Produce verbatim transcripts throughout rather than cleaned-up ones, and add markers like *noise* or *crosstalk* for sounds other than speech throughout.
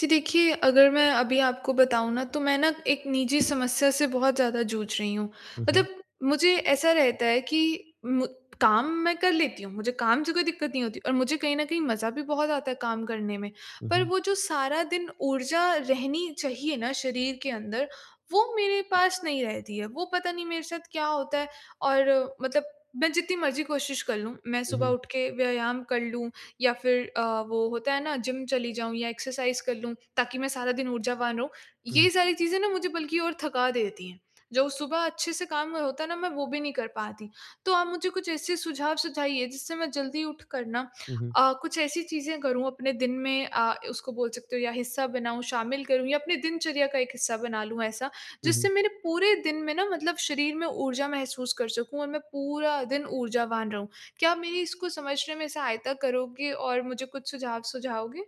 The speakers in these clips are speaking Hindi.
जी। देखिए, अगर मैं अभी आपको बताऊँ ना, तो मैं ना एक निजी समस्या से बहुत ज़्यादा जूझ रही हूँ। हुँ, हुँ। मतलब मुझे ऐसा रहता है कि मु काम मैं कर लेती हूँ, मुझे काम से कोई दिक्कत नहीं होती और मुझे कहीं न कहीं मज़ा भी बहुत आता है काम करने में। हुँ, पर हुँ। वो जो सारा दिन ऊर्जा रहनी चाहिए ना शरीर के अंदर, वो मेरे पास नहीं रहती है। वो पता नहीं मेरे साथ क्या होता है और मतलब मैं जितनी मर्ज़ी कोशिश कर लूँ, मैं हुँ, सुबह हुँ। उठ के व्यायाम कर लूँ या फिर अ, वो होता है ना, जिम चली जाऊँ या एक्सरसाइज़ कर लूँ, ताकि मैं सारा दिन ऊर्जावान रहूँ। हुँ। ये सारी चीज़ें ना, मुझे बल्कि और थका देती हैं। जो सुबह अच्छे से काम होता है ना, मैं वो भी नहीं कर पाती। तो आप मुझे कुछ ऐसे सुझाव सुझाइए, जिससे मैं जल्दी उठकर ना हुँ, हुँ। अ, कुछ ऐसी चीज़ें करूँ अपने दिन में अ, उसको बोल सकते हो या हिस्सा बनाऊँ, शामिल करूँ या अपने दिनचर्या का एक हिस्सा बना लूँ ऐसा, हुँ, जिससे हुँ। मेरे पूरे दिन में ना, मतलब शरीर में ऊर्जा महसूस कर सकूँ और मैं पूरा दिन ऊर्जावान रहूँ। क्या आप मेरी इसको समझने में सहायता करोगे और मुझे कुछ सुझाव सुझाओगे?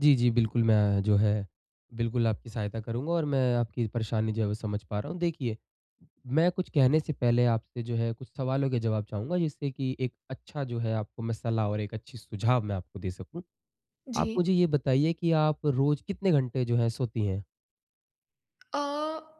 जी, जी। बिल्कुल, मैं जो है, बिल्कुल आपकी सहायता करूँगा और मैं आपकी परेशानी जो है, वो समझ पा रहा हूँ। देखिए, मैं कुछ कहने से पहले आपसे जो है, कुछ सवालों के जवाब चाहूँगा, जिससे कि एक अच्छा जो है, आपको में सलाह और एक अच्छी सुझाव मैं आपको दे सकूँ। आप जी। मुझे ये बताइए कि आप रोज़ कितने घंटे जो है, सोती हैं? अ,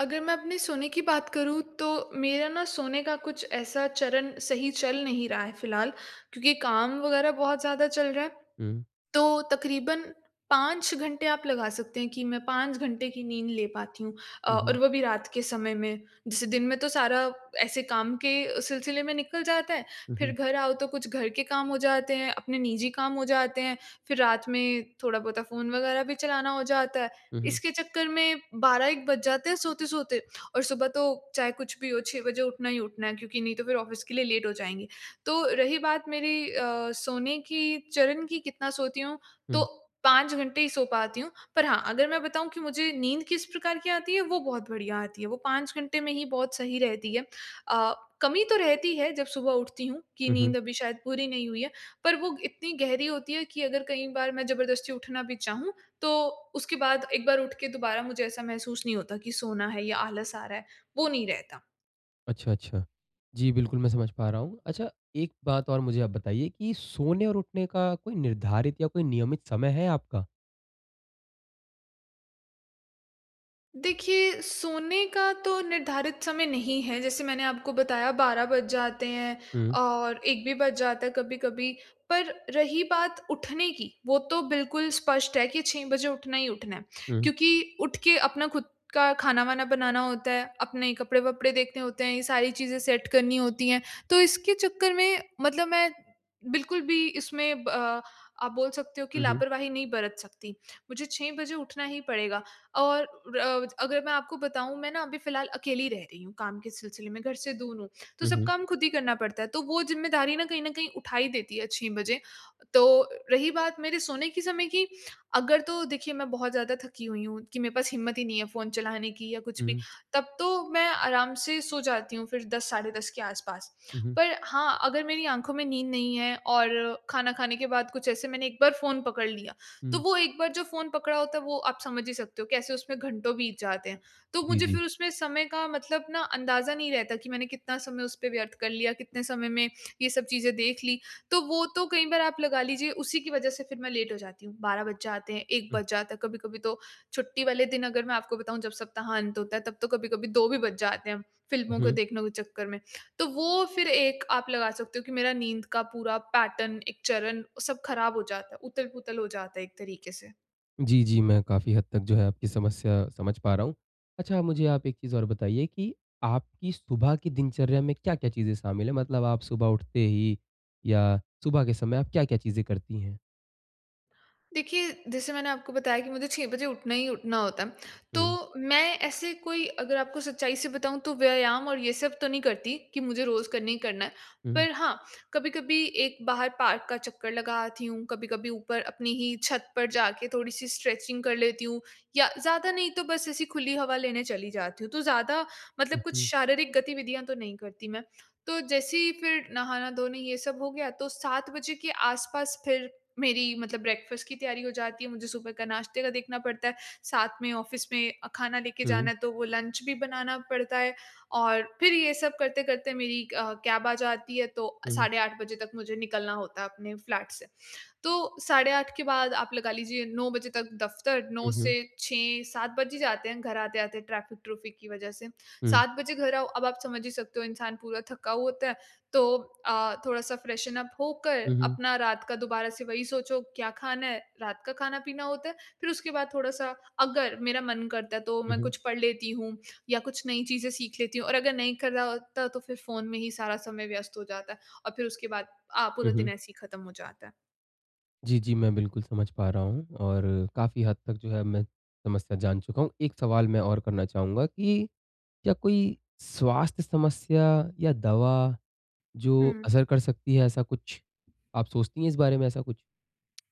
अगर मैं अपने सोने की बात करूँ तो मेरा ना सोने का कुछ ऐसा चरण सही चल नहीं रहा है फ़िलहाल। क्योंकि काम वग़ैरह बहुत ज़्यादा चल रहा है। हुँ। तो तकरीबन पाँच घंटे आप लगा सकते हैं कि मैं पाँच घंटे की नींद ले पाती हूँ। अ, हुँ, हुँ। और वो भी रात के समय में। जैसे दिन में तो सारा ऐसे काम के अ, सिलसिले में निकल जाता है। हुँ, फिर हुँ। घर आओ तो कुछ घर के काम हो जाते हैं, अपने निजी काम हो जाते हैं, फिर रात में थोड़ा बोता फ़ोन वगैरह भी चलाना हो जाता है। हुँ, हुँ। इसके चक्कर में बारह-एक बज जाते हैं सोते-सोते। और सुबह तो चाहे कुछ भी हो, छह बजे उठना ही उठना है क्योंकि नहीं तो फिर ऑफ़िस के लिए लेट हो जाएँगे। तो रही बात मेरी अ, सोने की चरण कि कितना सोती हूँ तो हुँ। पाँच घंटे ही सो पाती हूँ। पर हाँ, अगर मैं बताऊँ कि मुझे नींद किस प्रकार की आती है वो बहुत बढिया आती है। वो पाँच घंटे में ही बहुत सही रहती है। अ, कमी तो रहती है जब सुबह उठती हूँ कि हुँ, हुँ। नींद अभी शायद पूरी नहीं हुई है। पर वो इतनी गहरी होती है कि अगर कई बार मैं ज़बरदस्ती उठना भी चाहूँ तो उसके बाद एक बार उठ के दोबारा मुझे ऐसा महसूस नहीं होता कि सोना है या आलस आ रहा है। वो नहीं रहता। अच्छा-अच्छा। जी, बिल्कुल मैं समझ पा रहा हूँ। अच्छा एक बात और मुझे आप बताइए कि सोने और उठने का कोई निर्धारित या कोई नियमित समय है आपका? देखिए, सोने का तो निर्धारित समय नहीं है जैसे मैंने आपको बताया बारह बज जाते हैं हुँ। और एक भी बज जाता है कभी-कभी। पर रही बात उठने की वो तो बिल्कुल स्पष्ट है कि छह बजे उठना ही उठना है हुँ। क्योंकि उठ के अपना खुद का खाना-वाना बनाना होता है। अपने कपड़े-वपड़े देखने होते हैं। ये सारी चीजें सेट करनी होती हैं। तो इसके चक्कर में मतलब मैं बिल्कुल भी इसमें ब आप बोल सकते हो कि हुँ, हुँ। लापरवाही नहीं बरत सकती। मुझे छह बजे उठना ही पड़ेगा। और अ अगर मैं आपको बताऊँ मैं न अभी फ़िलहाल अकेली रह रही हूँ काम के सिलसिले में घर से दूर हूँ। तो हुँ, सब हुँ। काम खुद ही करना पड़ता है। तो वो ज़िम्मेदारी न कहीं न कहीं उठा ही देती है छह बजे। तो रही बात मेरे सोने के समय की अगर तो देखिए मैं बहुत ज़्यादा थकी हुई हूँ कि मेरे पास हिम्मत ही नहीं है फ़ोन चलाने की या कुछ भी। हुँ। तब तो मैं आराम से सो जाती हूँ फिर दस साढ़े दस के आस-पास। हुँ, हुँ। पर हाँ, अगर मेरी आँखों में नींद नहीं है और खाना खाने के बाद कुछ ऐसे मैंने एक बार फ़ोन पकड़ लिया तो हुँ। वो एक बार जो फ़ोन पकड़ा होता है वो आप समझ ही सकते हो कैसे उसमें घंटों बीत जाते हैं। तो जी, मुझे जी। फिर उसमें समय का मतलब न अंदाजा नहीं रहता कि मैंने कितना समय उस पे व्यर्थ कर लिया, कितने समय में ये सब चीजें देख ली। तो वो तो कई बार आप लगा लीजिए, उसी की वज़ह से फिर मैं लेट हो जाती हूँ। बारह बज जाते हैं, एक हुँ। बज जाता है कभी-कभी तो छुट्टी वाले दिन अगर मैं आपको बताऊँ जब सप्ताह अंत होता है तब तो कभी-कभी दो भी बज जाते हैं हुँ, फ़िल्मों को हुँ। देखने के चक्कर में। तो वो फिर एक आप लगा सकते हो कि मेरा नींद का पूरा पैटर्न एक चरण सब ख़राब हो जाता है, उतल-पुतल हो जाता है एक तरीके से। जी, जी। मैं काफ़ी हद तक जो है आपकी समस्या समझ पा रहा हूँ। अच्छा मुझे आप एक चीज़ और बताइए कि आपकी सुबह की दिनचर्या में क्या-क्या चीज़ें शामिल है? मतलब आप सुबह उठते ही या सुबह के समय आप क्या-क्या चीज़ें करती हैं? देखिए, जैसे मैंने आपको बताया कि मुझे छह बजे उठना ही उठना होता है। हुँ। तो मैं ऐसे कोई अगर आपको सच्चाई से बताऊँ तो व्यायाम और ये सब तो नहीं करती कि मुझे रोज़ करना ही करना है। हुँ। पर हाँ, कभी-कभी एक बाहर पार्क का चक्कर लगा आती हूँ। कभी-कभी ऊपर अपनी ही छत पर जाके थोड़ी-सी स्ट्रेचिंग कर लेती हूँ। या ज़्यादा नहीं तो बस ऐसी खुली हवा लेने चली जाती हूँ। तो ज़्यादा मतलब हुँ, कुछ हुँ। शारीरिक गतिविधियाँ तो नहीं करती मैं। तो जैसे ही फिर नहाना-धोना ये सब हो गया तो सात बजे के आस-पास फिर मेरी मतलब ब्रेकफास्ट की तैयारी हो जाती है। मुझे सुबह का नाश्ते का देखना पड़ता है। साथ में ऑफिस में अ, खाना लेके जाना हुँ। है तो वो लंच भी बनाना पड़ता है। और फिर ये सब करते-करते मेरी क कैब आ जाती है तो हुँ। साढ़े आठ बजे तक मुझे निकलना होता है अपने फ्लैट से। तो साढ़े आठ के बाद आप लगा लीजिए नौ बजे तक दफ्तर, नौ हुँ, हुँ। से छह-सात बज ही जाते हैं घर आते-आते ट्रैफिक-ट्रुफिक की वजह से। हुँ। सात बजे घर आओ अब आप समझ ही सकते हो इंसान पूरा थका हुआ होता है। तो अ, थोड़ा-सा फ्रेशन उप होकर हुँ, हुँ। अपना रात का दोबारा से वही सोचो क्या खाना है, रात का खाना-पीना होता है। फिर उसके बाद थोड़ा-सा अगर मेरा मन करता है तो हुँ, मैं हुँ। कुछ पढ़ लेती हूँ या कुछ नई चीजें सीख लेती हूँ। और अगर नहीं कर रहा होता तो फिर फ़ोन में ही सारा समय व्यस्त हो जाता है। और फिर उसके बाद अ, हुँ, पूरा दिन हुँ। ऐसे ही ख़त्म हो जाता है। जी, जी मैं बिल्कुल समझ पा रहा हूँ और काफ़ी हद तक जो है मैं समस्या जान चुका हूँ। एक सवाल मैं और करना चाहूँगा कि क्या कोई स्वास्थ्य समस्या या दवा जो हुँ। असर कर सकती है ऐसा कुछ, आप सोचती हैं इस बारे में ऐसा कुछ?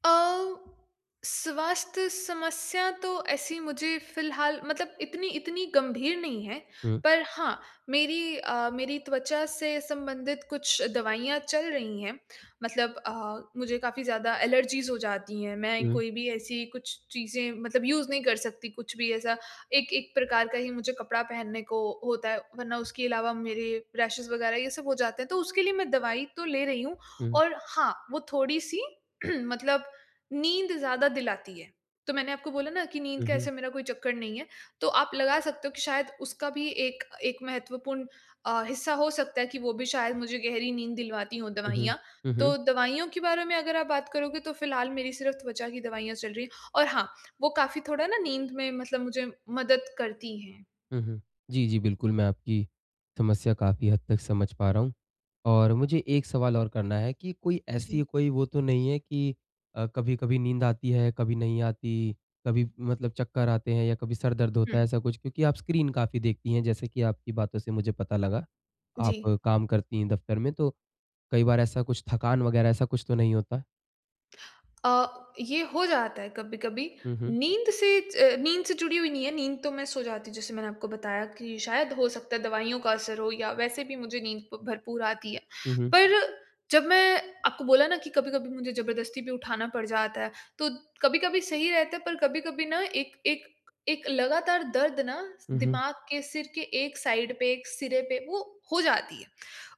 अ, स्वास्थ्य समस्या तो ऐसी मुझे फ़िलहाल मतलब इतनी इतनी गंभीर नहीं है हुँ। पर हाँ मेरी अ, मेरी त्वचा से संबंधित कुछ दवाइयाँ चल रही हैं मतलब अ, मुझे काफ़ी ज़्यादा एलर्जीज़ हो जाती हैं। मैं हुँ। कोई भी ऐसी कुछ चीजें मतलब यूज़ नहीं कर सकती कुछ भी ऐसा। एक एक प्रकार का ही मुझे कपड़ा पहनने को होता है। वरना उसके अलावा मेरे रेशेज़ वग़ैरह ये सब हो जाते हैं। तो उसके लिए मैं दवाई तो ले रही हूँ हुँ। और हाँ वो थोड़ी-सी *clears throat* मतलब नींद ज़्यादा दिलाती है। तो मैंने आपको बोला ना कि नींद हुँ, का ऐसा हुँ। मेरा कोई चक्कर नहीं है तो आप लगा सकते हो कि शायद उसका भी एक एक महत्वपूर्ण अ, हिस्सा हो सकता है कि वो भी शायद मुझे गहरी नींद दिलवाती हो हुँ, हुँ। दवाइयाँ। हुँ, हुँ। तो दवाइयों के बारे में अगर आप बात करोगे तो फ़िलहाल मेरी सिर्फ़ त्वचा की दवाइयाँ चल रही हैं और हाँ, वो काफ़ी थोड़ा ना नींद में मतलब मुझे मदद करती हैं। हुँ, हुँ। जी, जी बिल्कुल मैं आपकी समस्या काफ़ी हद तक समझ पा रहा हूँ। और मुझे एक सवाल और करना है कि कोई ऐसी जी। कोई वो तो नहीं है कि अ, कभी-कभी नींद आती है, कभी नहीं आती, कभी मतलब चक्कर आते हैं या कभी सर दर्द होता है हुँ। ऐसा कुछ क्योंकि आप स्क्रीन काफ़ी देखती हैं, जैसे कि आपकी बातों से मुझे पता लगा। आप जी। काम करती हैं दफ्तर में तो कई बार ऐसा कुछ थकान वग़ैरह ऐसा कुछ तो नहीं होता? अ, ये हो जाता है कभी-कभी। हुँ, हुँ। नींद से ज नींद से जुड़ी हुई नहीं है, नींद तो मैं सो जाती हूँ, जैसे मैंने आपको बताया कि शायद हो सकता है दवाइयों का असर हो या वैसे भी मुझे नींद ब भरपूर आती है। हुँ, हुँ। पर जब मैं आपको बोला ना कि कभी-कभी मुझे ज़बरदस्ती भी उठाना पड़ जाता है, तो कभी-कभी सही रहता है, पर कभी-कभी ना एक एक, एक लगातार दर्द ना स उहुँ। दिमाग के, सिर के एक साइड पे, एक सिरे पे, वो हो जाती है।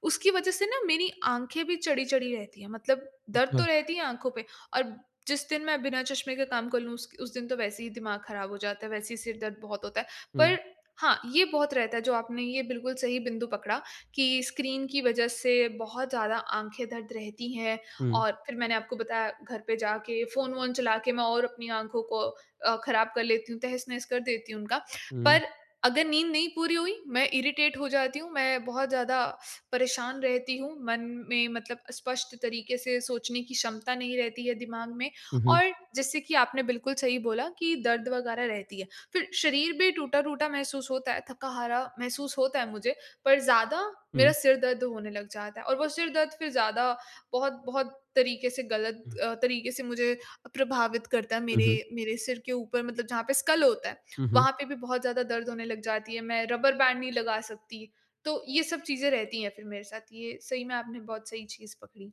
उसकी वजह से ना मेरी आँखें भी चढ़ी-चढ़ी रहती हैं, मतलब दर्द तो अच्छा। रहती है आँखों पे, और जिस दिन मैं बिना चश्मे के काम कर लूँ, उस उस दिन तो वैसे ही दिमाग खराब हो जाता है, वैसे ही सिर दर्द बहुत होता है। हुँ। पर हाँ, ये बहुत रहता है, जो आपने ये बिल्कुल सही बिंदु पकड़ा, कि स्क्रीन की वजह से बहुत ज़्यादा आँखें दर्द रहती हैं। हुँ। और फिर मैंने आपको बताया घर पे जाके, फ़ोन-वोन चला के, मैं और अपनी आँखों को अ, खराब कर लेती हूँ, तहस-नहस कर देती हूँ उनका। हुँ। पर अगर नींद नहीं पूरी हुई, मैं इरिटेट हो जाती हूँ, मैं बहुत ज़्यादा *sniffs* परेशान रहती हूँ, मन में मतलब स्पष्ट तरीक़े से सोचने की क्षमता नहीं रहती है दिमाग में। हुँ, हुँ। और जैसे कि आपने बिल्कुल सही बोला कि दर्द वग़ैरह रहती है। फिर शरीर भी टूटा-टूटा महसूस होता है, थका-हारा महसूस होता है मुझे, पर ज़्यादा हुँ। मेरा सिर दर्द होने लग जाता है। और वो सिर दर्द फिर ज़्यादा बहुत-बहुत तरीक़े से, गलत हुँ। अ, तरीक़े से मुझे अ, प्रभावित करता है। हुँ, हुँ। मेरे, मेरे सिर के ऊपर मतलब जहाँ पे स्कल होता है, उहुँ। वहाँ पे भी बहुत ज़्यादा दर्द होने लग जाती है, मैं रबर बैंड नहीं लगा सकती। तो ये सब चीज़ें रहती हैं फिर मेरे साथ। ये सही में आपने बहुत सही चीज़ पकड़ी।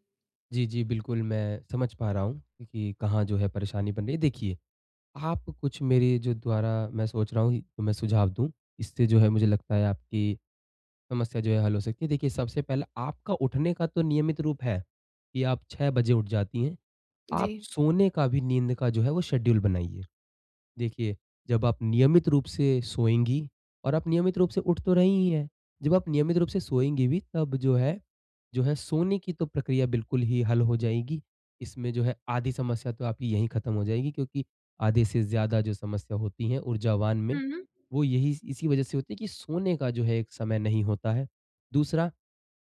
जी जी, बिल्कुल। मैं समझ पा रहा हूँ कि कहाँ जो है परेशानी बन रही है। देखिए, आप कुछ मेरे जो द्वारा मैं सोच रहा हूँ तो मैं सुझाव दूँ। इससे जो है मुझे लगता है आपकी समस्या जो है हल हो सकती है। देखिए सबसे पहले आपका उठने का तो नियमित रूप है, कि आप छह बजे उठ जाती हैं। आप जी। सोने का भी नींद का जो है वो शेड्यूल बनाइए। देखिए, जब आप नियमित रूप से सोएँगी और आप नियमित रूप से उठ तो रही ही हैं। जब आप नियमित रूप से सोएँगी भी तब जो है, जो है सोने की तो प्रक्रिया बिल्कुल ही हल हो जाएगी। इसमें जो है आधी समस्या तो आपकी यहीं ख़त्म हो जाएगी। क्योंकि आधे से ज़्यादा जो समस्या होती हैं ऊर्जावान में हुँ, हुँ। वो यही स इसी वजह से होती हैं कि सोने का जो है एक समय नहीं होता है। दूसरा,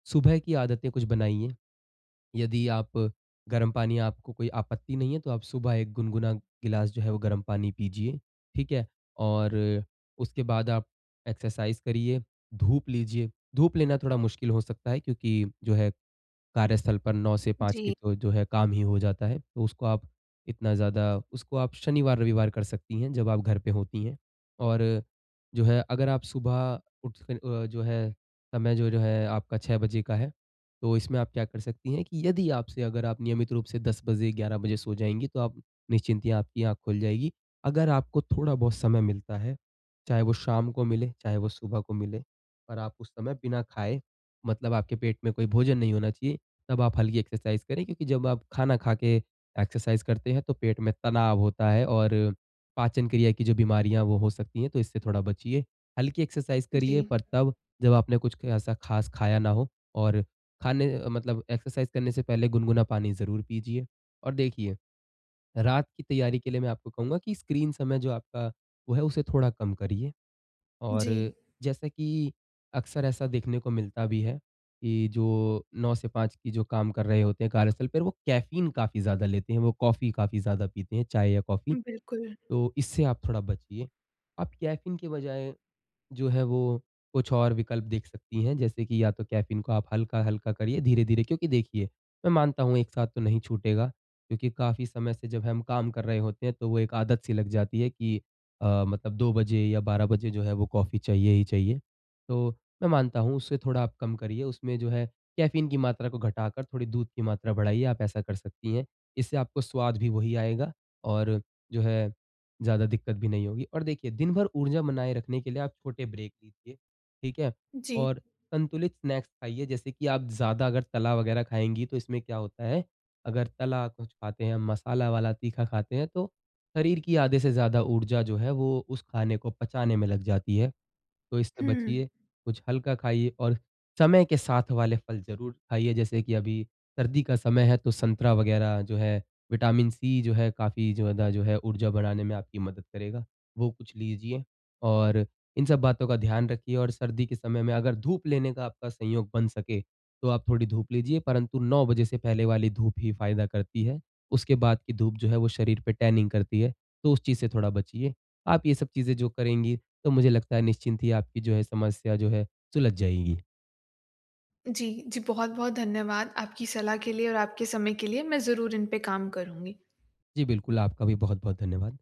सुबह की आदतें कुछ बनाइए। यदि आप, गरम पानी आपको कोई आपत्ति नहीं है तो आप सुबह एक गुनगुना गिलास जो है वो गर्म पानी पीजिए, ठीक है? और उसके बाद आप एक्सरसाइज़ करिए, धूप लीजिए। धूप लेना थोड़ा मुश्किल हो सकता है क्योंकि जो है कार्यस्थल पर नौ से पाँच के जी। जो जो है काम ही हो जाता है। तो उसको आप इतना ज़्यादा उसको आप शनिवार, रविवार कर सकती हैं जब आप घर पे होती हैं। और जो है अगर आप सुबह उठ के अ, जो है समय जो जो है आपका छह बजे का है। तो इसमें आप क्या कर सकती हैं कि यदि आपसे अगर आप नियमित रूप से दस बजे, ग्यारह बजे सो जाएँगी तो आप निश्चिंतियाँ आपकी आँख खुल जाएगी। अगर आपको थोड़ा बहुत समय मिलता है, चाहे वो शाम को मिले, चाहे वो सुबह को मिले और आप उस समय बिना खाए मतलब आपके पेट में कोई भोजन नहीं होना चाहिए, तब आप हल्की एक्सरसाइज़ करें। क्योंकि जब आप खाना खा के एक्सरसाइज़ करते हैं तो पेट में तनाव होता है और पाचन क्रिया की जो बीमारियाँ वो हो सकती है, तो इससे थोड़ा बचिए। हल्की एक्सरसाइज़ करिए जी। पर तब जब आपने कुछ ऐसा ख़ास खाया ना हो और खाने अ, मतलब एक्सरसाइज़ करने से पहले गुनगुना पानी ज़रूर पीजिए। और देखिए, रात की तैयारी के लिए मैं आपको कहूँगा कि स्क्रीन समय जो आपका वो है उसे थोड़ा कम करिए। जी। और जैसा कि अक्सर ऐसा देखने को मिलता भी है कि जो नौ से पाँच की जो काम कर रहे होते हैं कार्यस्थल पर वो कैफीन काफ़ी ज़्यादा लेते हैं। वो कॉफी काफ़ी ज़्यादा पीते हैं, चाय या कॉफी। बिल्कुल। तो इससे आप थोड़ा बचिए। आप कैफीन के बजाय जो है वो कुछ और विकल्प देख सकती हैं, जैसे कि या तो कैफीन को आप हल्का-हल्का करिए धीरे-धीरे। क्योंकि देखिए, मैं मानता हूँ एक साथ तो नहीं छूटेगा, क्योंकि काफ़ी समय से जब हम काम कर रहे होते हैं तो वो एक आदत सी लग जाती है कि अ, मतलब दो बजे या बारह बजे जो है वो कॉफी चाहिए ही चाहिए। तो मैं मानता हूँ उससे थोड़ा आप कम करिए, उसमें जो है कैफीन की मात्रा को घटाकर थोड़ी दूध की मात्रा बढ़ाइए, आप ऐसा कर सकती हैं। इससे आपको स्वाद भी वही आएगा और जो है, ज़्यादा दिक्कत भी नहीं होगी। और देखिए दिन भर ऊर्जा बनाए रखने के लिए आप छोटे ब्रेक लीजिए, ठीक है? जी। और संतुलित स्नैक्स खाइए, जैसे कि आप ज़्यादा अगर तला वगैरह खाएँगी तो इसमें क्या होता है अगर तला कुछ खाते हैं, मसाला वाला तीखा खाते हैं तो शरीर की आधे से ज़्यादा ऊर्जा जो है वो उस खाने को पचाने में लग जाती है। तो इससे हुँ। बचिए। कुछ हल्का खाइए और समय के साथ वाले फल ज़रूर खाइए। जैसे कि अभी सर्दी का समय है तो संतरा वगैरह जो है, विटामिन सी जो है काफ़ी ज़्यादा जो है ऊर्जा बढ़ाने में आपकी मदद करेगा। वो कुछ लीजिए और इन सब बातों का ध्यान रखिए। और सर्दी के समय में अगर धूप लेने का आपका संयोग बन सके तो आप थोड़ी धूप लीजिए, परंतु नौ बजे से पहले वाली धूप ही फ़ायदा करती है। उसके बाद की धूप जो है वो शरीर पे टैनिंग करती है। तो उस चीज से थोड़ा बचिए। आप ये सब चीजें जो करेंगी तो मुझे लगता है निश्चिंत ही आपकी जो है समस्या जो है सुलझ जाएगी। जी। जी, बहुत-बहुत धन्यवाद आपकी सलाह के लिए और आपके समय के लिए। मैं ज़रूर इन पे काम करुँगी। जी, बिल्कुल। आपका भी बहुत-बहुत धन्यवाद।